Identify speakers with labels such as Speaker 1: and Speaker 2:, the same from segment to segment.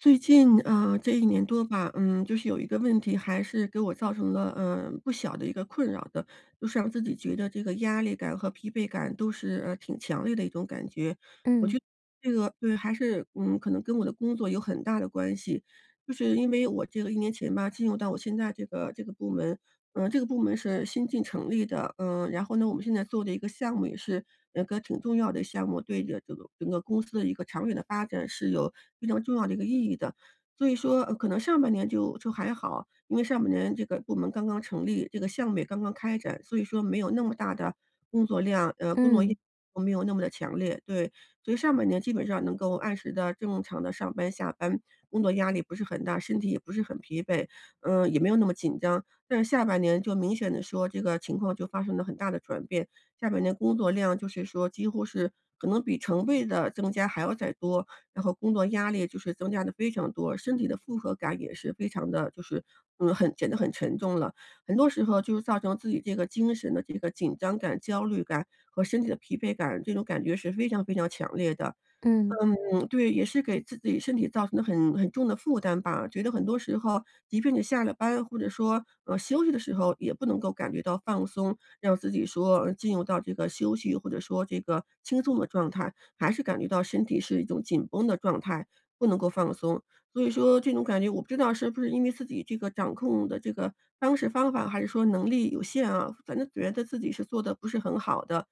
Speaker 1: 最近，啊，这1年多吧，嗯，就是有一个问题还是给我造成了，呃，不小的一个困扰的，就是让自己觉得这个压力感和疲惫感都是，呃，挺强烈的一种感觉。我觉
Speaker 2: 嗯。
Speaker 1: 得这个对，还是，嗯，可能跟我的工作有很大的关系，就是因为我这个1年前吧，进入到我现在这个这个部门，呃，这个部门是新近成立的，嗯，然后呢，我们现在做的一个项目也是，呃，个挺重要的项目，对着这个整个公司的一个长远的发展是有非常重要的一个意义的。所以说，呃，可能上半年就就还好，因为上半年这个部门刚刚成立，这个项目也刚刚开展，所以说没有那么大的工作量，呃，工作 [unintelligible]
Speaker 2: 嗯。
Speaker 1: 没有那么地强烈，对。所以上半年基本上能够按时地、正常地上班下班，工作压力不是很大，身体也不是很疲惫，嗯，也没有那么紧张。但是下半年就明显地说，这个情况就发生了很大的转变，下半年工作量就是说几乎是可能比成倍地增加还要再多，然后工作压力就是增加得非常多，身体的负荷感也是非常的就是，嗯，很显得很沉重了。很多时候就是造成自己这个精神的这个紧张感、焦虑感和身体的疲惫感，这种感觉是非常非常强烈的。
Speaker 2: 嗯。
Speaker 1: 嗯，对，也是给自己身体造成了很很重的负担吧，觉得很多时候即便你下了班或者说，呃，休息的时候也不能够感觉到放松，让自己说，呃，进入到这个休息，或者说这个轻松的状态，还是感觉到身体是一种紧绷的状态，不能够放松。所以说这种感觉，我不知道是不是因为自己这个掌控的这个方式方法，还是说能力有限啊，反正觉得自己是做得不是很好的。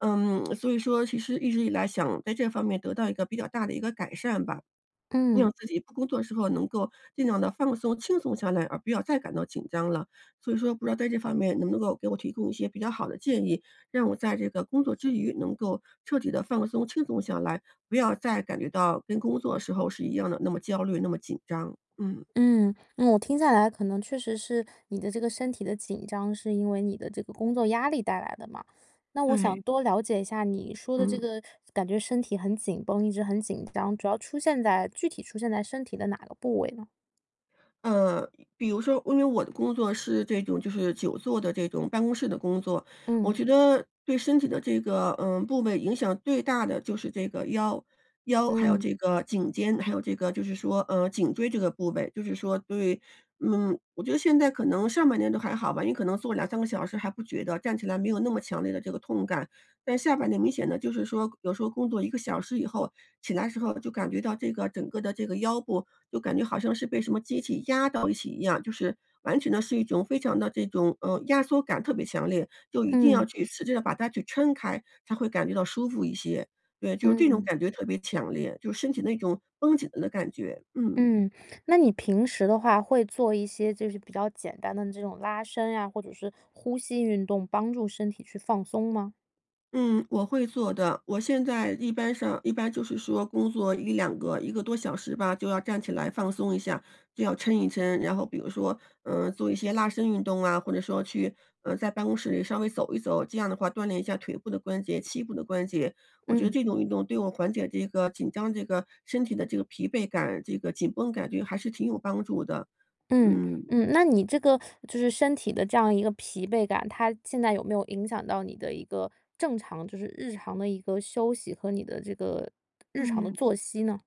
Speaker 1: 嗯，所以说其实一直以来想在这方面得到一个比较大的一个改善吧，
Speaker 2: 嗯。
Speaker 1: 让自己不工作时候能够尽量地放松、轻松下来，而不要再感到紧张了。所以说不知道在这方面能不能够给我提供一些比较好的建议，让我在这个工作之余能够彻底地放松、轻松下来，不要再感觉到跟工作时候是一样的，那么焦虑、那么紧张，嗯。
Speaker 2: 嗯，那我听下来可能确实是你的这个身体的紧张，是因为你的这个工作压力带来的嘛。那我想
Speaker 1: 对。
Speaker 2: 多了解一下你说的这
Speaker 1: 嗯。
Speaker 2: 个感觉身体很紧绷，一直很紧张，主要出现在具体出现在身体的哪个部位呢？
Speaker 1: 嗯，比如说因为我的工作是这种就是久坐的这种办公室的工作，我
Speaker 2: 嗯。
Speaker 1: 觉得对身体的这个，呃，部位影响最大的就是这个腰，腰还有
Speaker 2: 嗯。
Speaker 1: 这个颈肩，还有这个就是说，呃，颈椎这个部位就是说对，嗯，我觉得现在可能上半年都还好吧，你可能坐2、3个小时还不觉得，站起来没有那么强烈的这个痛感。但下半年明显地，就是说有时候工作1个小时以后起来的时候就感觉到这个整个的这个腰部就感觉好像是被什么机器压到一起一样，就是完全的是一种非常的这种呃，压缩感特别强烈，就一定要
Speaker 2: 嗯。
Speaker 1: 去使劲地把它去抻开，才会感觉到舒服一些，对，就这种
Speaker 2: 嗯。
Speaker 1: 感觉特别强烈，就是身体那种绷紧了的感觉，嗯。
Speaker 2: 嗯，那你平时的话，会做一些就是比较简单的这种拉伸呀，或者是呼吸运动帮助身体去放松吗？
Speaker 1: 嗯，我会做的，我现在一般上一般就是说工作1、2个1个多小时吧，就要站起来放松一下，就要抻一抻。然后比如说，嗯，做一些拉伸运动啊，或者说去呃，在办公室里稍微走一走，这样的话锻炼一下腿部的关节，膝部的关节，我觉得
Speaker 2: 嗯。
Speaker 1: 这种运动对我缓解这个紧张这个身体的这个疲惫感，这个紧绷感觉还是挺有帮助的，
Speaker 2: 嗯，
Speaker 1: 嗯。
Speaker 2: 嗯，那你这个就是身体的这样一个疲惫感，它现在有没有影响到你的一个正常就是日常的一个休息和你的这个日常的
Speaker 1: 嗯。
Speaker 2: 作息呢？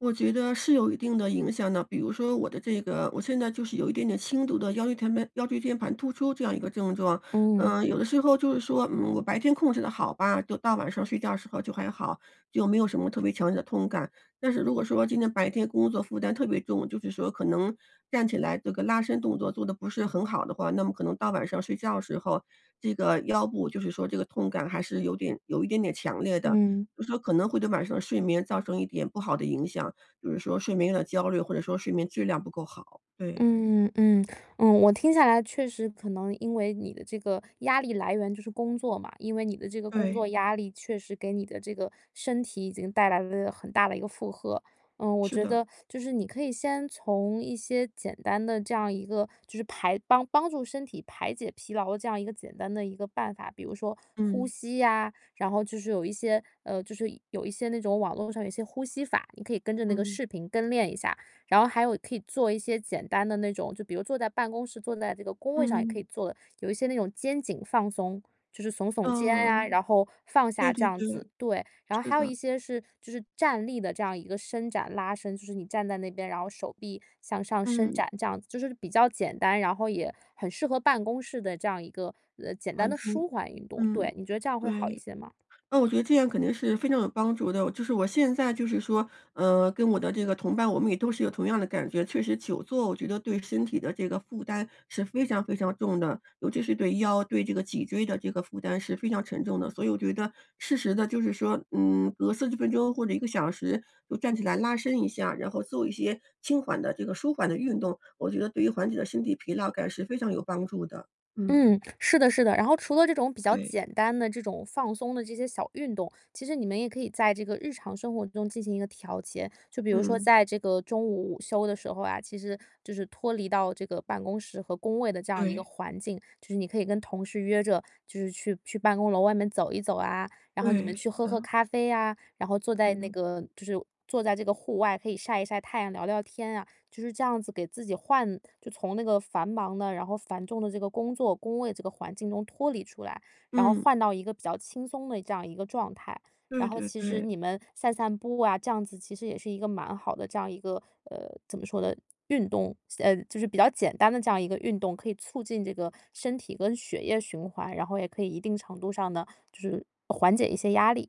Speaker 1: 我觉得是有一定的影响的。比如说我的这个我现在就是有一点点轻度的腰椎间盘腰椎间盘突出这样一个症状。
Speaker 2: 嗯。
Speaker 1: 呃，有的时候就是说，嗯，我白天控制得好吧，就到晚上睡觉的时候就还好，就没有什么特别强烈的痛感。但是如果说今天白天工作负担特别重，就是说可能站起来这个拉伸动作做得不是很好的话，那么可能到晚上睡觉时候，这个腰部，就是说这个痛感还是有点有一点点强烈的。
Speaker 2: 嗯。
Speaker 1: 就说可能会对晚上睡眠造成一点不好的影响，比如说睡眠的焦虑，或者说睡眠质量不够好，对。
Speaker 2: 嗯嗯嗯，嗯。我听下来确实可能因为你的这个压力来源就是工作嘛，因为你的这个工
Speaker 1: 对。
Speaker 2: 作压力确实给你的这个身体已经带来了很大的一个负荷。嗯，我
Speaker 1: 是
Speaker 2: 觉
Speaker 1: 的。
Speaker 2: 得就是你可以先从一些简单的，这样一个就是排帮帮助身体排解疲劳这样一个简单的一个办法。比如说呼
Speaker 1: 嗯。
Speaker 2: 吸呀，然后就是有一些呃，就是有一些那种网络上有一些呼吸法，你可以跟着那个
Speaker 1: 嗯。
Speaker 2: 视频跟练一下。然后还有可以做一些简单的那种，就比如坐在办公室，坐在这个工位上也可
Speaker 1: 嗯。
Speaker 2: 以做的。有一些那种肩颈放松，就是耸耸肩
Speaker 1: 嗯嗯
Speaker 2: 啊，
Speaker 1: 嗯。
Speaker 2: 然后放
Speaker 1: 对
Speaker 2: 下这
Speaker 1: 对
Speaker 2: 样
Speaker 1: 对，
Speaker 2: 子。对。然后
Speaker 1: 是
Speaker 2: 还有
Speaker 1: 的。
Speaker 2: 一些是就是站立的这样一个伸展拉伸，就是你站在那边，然后手臂向上伸
Speaker 1: 嗯。
Speaker 2: 展这样子，就是比较简单，然后也很适合办公室的这样一个，呃，简单
Speaker 1: 环
Speaker 2: 的
Speaker 1: 境，
Speaker 2: 舒缓运动。
Speaker 1: 嗯，
Speaker 2: 对，你觉得这样会好一
Speaker 1: 对。
Speaker 2: 些吗？
Speaker 1: 嗯，我觉得这样肯定是非常有帮助的，我就是我现在就是说，嗯，跟我的这个同伴我们也都是有同样的感觉。确实久坐我觉得对身体的这个负担是非常非常重的，尤其是对腰，对这个脊椎的这个负担是非常沉重的。所以我觉得适时地就是说，嗯，隔40分钟或者1个小时就站起来拉伸一下，然后做一些轻缓的这个舒缓的运动，我觉得对于缓解了身体疲劳感是非常有帮助的，嗯。
Speaker 2: 嗯，是的是的。然后除了这种比较
Speaker 1: 对。
Speaker 2: 简单的这种放松的这些小运动，其实你们也可以在这个日常生活中进行一个调节。就比如说
Speaker 1: 嗯。
Speaker 2: 在这个中午午休的时候啊，其实就是脱离到这个办公室和工位的这样一个
Speaker 1: 对。
Speaker 2: 环境。就是你可以跟同事约着，就是去去办公楼外面走一走啊，然后你
Speaker 1: 对，
Speaker 2: 们
Speaker 1: 是
Speaker 2: 去喝喝
Speaker 1: 的。
Speaker 2: 咖啡啊，然后坐在那
Speaker 1: 嗯。
Speaker 2: 个就是坐在这个户外，可以晒一晒太阳，聊聊天啊。就是这样子给自己换就从那个繁忙的，然后繁重的这个工作、工位这个环境中脱离出来，然后
Speaker 1: 嗯。
Speaker 2: 换到一个比较轻松的这样一个状态。然
Speaker 1: 对
Speaker 2: 后
Speaker 1: 对
Speaker 2: 其实
Speaker 1: 对。
Speaker 2: 你们散散步啊，这样子其实也是一个蛮好的这样一个呃，怎么说呢，运动。简呃，就是比较简单的这样一个运动可以促进这个身体跟血液循环，然后也可以一定程度上呢，就是缓解一些压力。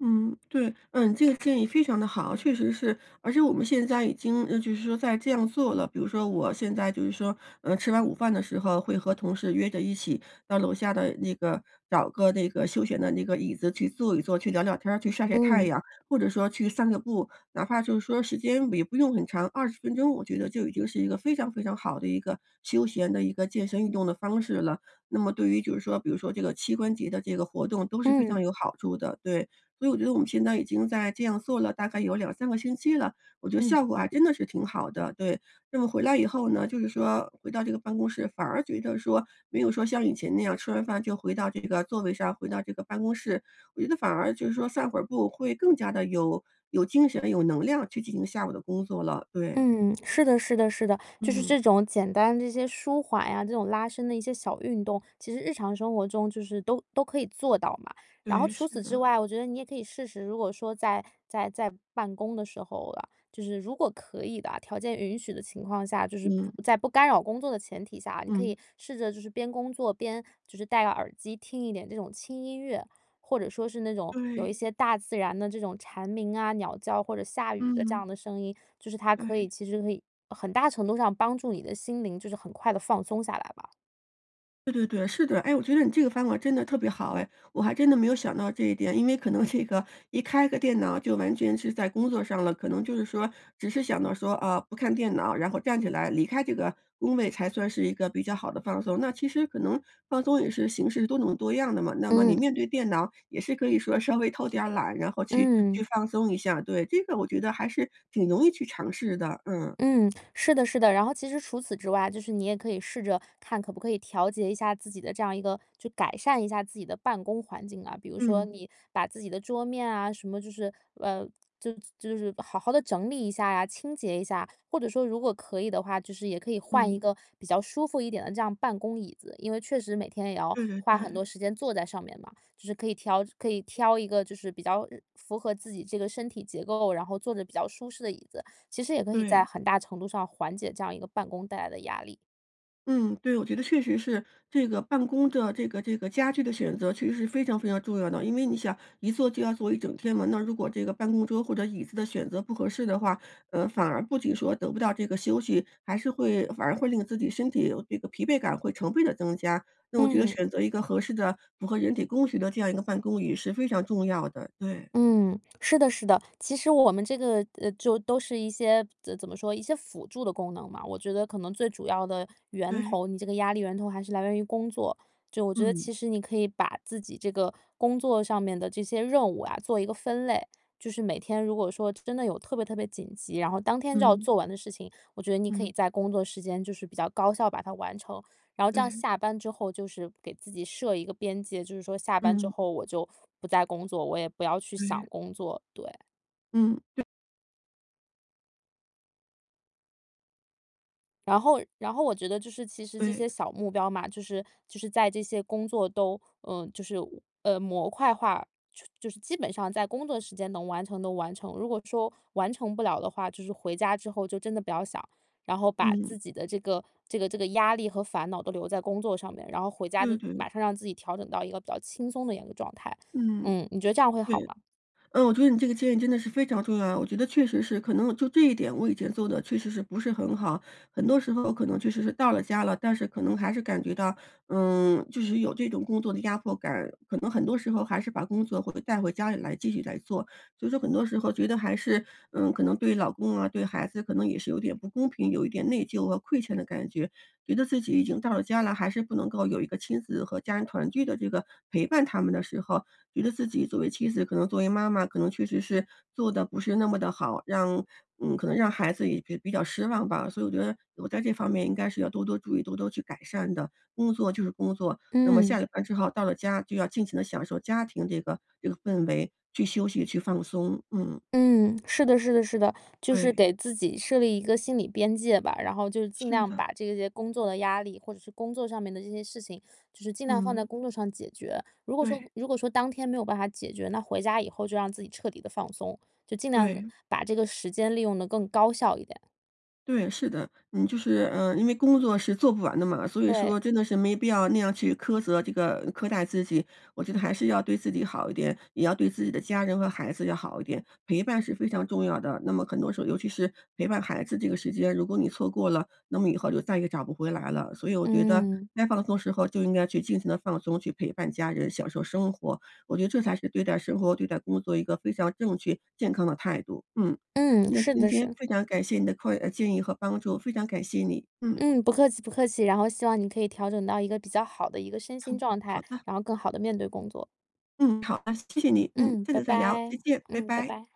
Speaker 1: 嗯，对，嗯，这个建议非常得好。确实是，而且我们现在已经，呃，就是说在这样做了，比如说我现在就是说，呃，吃完午饭的时候会和同事约着一起到楼下的那个找个那个休闲的那个椅子去坐一坐、去聊聊天儿、去晒晒太
Speaker 2: 嗯。
Speaker 1: 阳，或者说去散个步。哪怕就是说时间也不用很长，20分钟，我觉得就已经是一个非常非常好的一个休闲的一个健身运动的方式了。那么对于就是说比如说这个膝关节的这个活动都是非
Speaker 2: 嗯。
Speaker 1: 常有好处的。对，所以我觉得我们现在已经在这样做了大概有2-3个星期了，我觉得
Speaker 2: 嗯。
Speaker 1: 效果，啊，还真的是挺好的。对，那么回来以后呢，就是说回到这个办公室，反而觉得说没有说像以前那样吃完饭就回到这个座位上，回到这个办公室，我觉得反而就是说散会儿步会更加地有有精神、有能量去进行下午的工作了，对。
Speaker 2: 嗯，是的是的是的，就是
Speaker 1: 嗯。
Speaker 2: 这种简单这些舒缓呀，这种拉伸的一些小运动，其实日常生活中就是都都可以做到嘛。然后
Speaker 1: 对，
Speaker 2: 除
Speaker 1: 是
Speaker 2: 此之
Speaker 1: 的。
Speaker 2: 外，我觉得你也可以试试，如果说在在在办公的时候啊，就是如果可以的啊，条件允许的情况下，就是
Speaker 1: 嗯。
Speaker 2: 不在不干扰工作的前提下啊，你可以
Speaker 1: 嗯。
Speaker 2: 试着就是边工作边就是戴耳机，听一点这种轻音乐，或者说是那种有一
Speaker 1: 对。
Speaker 2: 些大自然的这种蝉鸣啊、鸟叫或者下雨的这样
Speaker 1: 嗯。
Speaker 2: 的声音，就是它可以
Speaker 1: 对。
Speaker 2: 其实可以很大程度上帮助你的心灵，就是很快地放松下来吧。
Speaker 1: 对对对，是的，哎，我觉得你这个方法真地特别好哎，我还真的没有想到这一点，因为可能这个一开个电脑就完全是在工作上了，可能就是说，只是想到说，啊，不看电脑，然后站起来离开这个工位才算是一个比较好的放松。那其实可能放松也是形式多种多样的嘛，那么你
Speaker 2: 嗯。
Speaker 1: 面对电脑也是可以说稍微偷点儿懒，然后去去
Speaker 2: 嗯。
Speaker 1: 放松一下，对，这个我觉得还是挺容易去尝试的，嗯。
Speaker 2: 嗯，是的是的。然后其实除此之外，就是你也可以试着看可不可以调节一下自己的这样一个就改善一下自己的办公环境啊。比如说
Speaker 1: 嗯。
Speaker 2: 你把自己的桌面啊，什么就是呃，就就是好好地整理一下啊，清洁一下。或者说如果可以的话，就是也可以换一
Speaker 1: 嗯。
Speaker 2: 个比较舒服一点的这样办公椅子，因为确实每天也要
Speaker 1: 对对
Speaker 2: 花很
Speaker 1: 对。
Speaker 2: 多时间坐在上面嘛，就是可以挑可以挑一个就是比较，呃，符合自己这个身体结构，然后坐着比较舒适的椅子，其实也可以在
Speaker 1: 对。
Speaker 2: 很大程度上缓解这样一个办公带来的压力。
Speaker 1: 嗯，对，我觉得确实是这个办公的这个这个家具地选择其实是非常非常重要的，因为你想，一坐就要坐一整天嘛，那如果这个办公桌或者椅子地选择不合适的话，呃，反而不仅说得不到这个休息，还是会反而会令自己身体这个疲惫感会成倍地增加，那我觉得
Speaker 2: 嗯。
Speaker 1: 选择一个合适地符合人体工学的这样一个办公椅是非常重要的，对。
Speaker 2: 嗯，是的是的，其实我们这个呃，就都是一些怎怎么说，一些辅助的功能嘛。我觉得可能最主要的源
Speaker 1: 对。
Speaker 2: 头，你这个压力源头还是来源于工作，就我觉得
Speaker 1: 嗯。
Speaker 2: 其实你可以把自己这个工作上面的这些任务啊，做一个分类。就是每天如果说真的有特别特别紧急，然后当天就要
Speaker 1: 嗯。
Speaker 2: 做完的事情，我觉得你可以
Speaker 1: 嗯。
Speaker 2: 在工作时间就是比较高效把它完成，然后这样
Speaker 1: 对。
Speaker 2: 下班之后，就是给自己设一个边界，就是说下班之
Speaker 1: 嗯。
Speaker 2: 后我就不再工作，我也不要去想
Speaker 1: 对。
Speaker 2: 工作，对。
Speaker 1: 嗯，对。
Speaker 2: 然后然后我觉得就是其实这
Speaker 1: 对。
Speaker 2: 些小目标嘛，就是就是在这些工作都呃，就是，呃，模块化，就就是基本上在工作时间能完成的完成，如果说完成不了的话，就是回家之后就真的不要想，然后把
Speaker 1: 嗯。
Speaker 2: 自己的这个这个这个压力和烦恼都留在工作上面，然后回家
Speaker 1: 对
Speaker 2: 的
Speaker 1: 对。
Speaker 2: 马上让自己调整到一个比较轻松的一样的状态。
Speaker 1: 嗯。
Speaker 2: 嗯，你觉得这样会好
Speaker 1: 对。
Speaker 2: 吗？
Speaker 1: 嗯，我觉得你这个建议真的是非常重要啊，我觉得确实是可能，呃，就这一点，我以前做得确实是不是很好，很多时候可能确实是到了家了，但是可能还是感觉到，嗯，就是有这种工作的压迫感，可能很多时候还是把工作会被带回家里来继续来做。所以说很多时候觉得还是，嗯，可能对老公啊、对孩子可能也是有点不公平，有一点内疚和愧欠的感觉，觉得自己已经到了家了，还是不能够有一个亲子和家人团聚的这个，陪伴他们的时候，觉得自己作为妻子，可能作为妈妈可能确实是，做得不是那么地好，让嗯，可能让孩子也比比较失望吧。所以我觉得，我在这方面应该是要多多注意，多多去改善的，工作就是工作，那么下
Speaker 2: 嗯。
Speaker 1: 了班之后到了家就要尽情地享受家庭这个这个氛围，去休息、去放松，嗯。
Speaker 2: 嗯，是的是的是的，就是
Speaker 1: 对。
Speaker 2: 给自己设立一个心理边界吧。然后就尽
Speaker 1: 是
Speaker 2: 量
Speaker 1: 的。
Speaker 2: 把这些工作的压力，或者是工作上面的这些事情，就是尽量放在
Speaker 1: 嗯。
Speaker 2: 工作上解决。如果说
Speaker 1: 对。
Speaker 2: 如果说当天没有办法解决，那回家以后就让自己彻底地放松，就尽量地，
Speaker 1: 对。
Speaker 2: 把这个时间利用得更高效一点。
Speaker 1: 对，是的，你就是呃，因为工作是做不完的嘛，所以说
Speaker 2: 对。
Speaker 1: 真的是没必要那样去苛责这个苛待自己。我觉得还是要对自己好一点，也要对自己的家人和孩子要好一点，陪伴是非常重要的。那么很多时候尤其是，陪伴孩子这个时间，如果你错过了，那么以后就再也找不回来了。所以我觉得，
Speaker 2: 嗯。
Speaker 1: 该放松时候就应该去尽情地放松，去陪伴家人享受生活，我觉得这才是对待生活、对待工作一个非常正确、健康的态度。嗯，
Speaker 2: 嗯，
Speaker 1: 那
Speaker 2: 是
Speaker 1: 今
Speaker 2: 的，
Speaker 1: 天
Speaker 2: 是。
Speaker 1: 非常感谢你的括建议和帮助，非常感谢你，嗯。
Speaker 2: 嗯，不客气不客气，然后希望你可以调整到一个比较好的一个身心状
Speaker 1: 好
Speaker 2: 态，
Speaker 1: 的。
Speaker 2: 然后更好地面对工作。
Speaker 1: 嗯，好哒，那谢谢你，嗯，
Speaker 2: 嗯，
Speaker 1: 下
Speaker 2: 拜
Speaker 1: 次再聊，
Speaker 2: 拜，
Speaker 1: 再见，拜
Speaker 2: 嗯，拜
Speaker 1: 拜。
Speaker 2: 拜。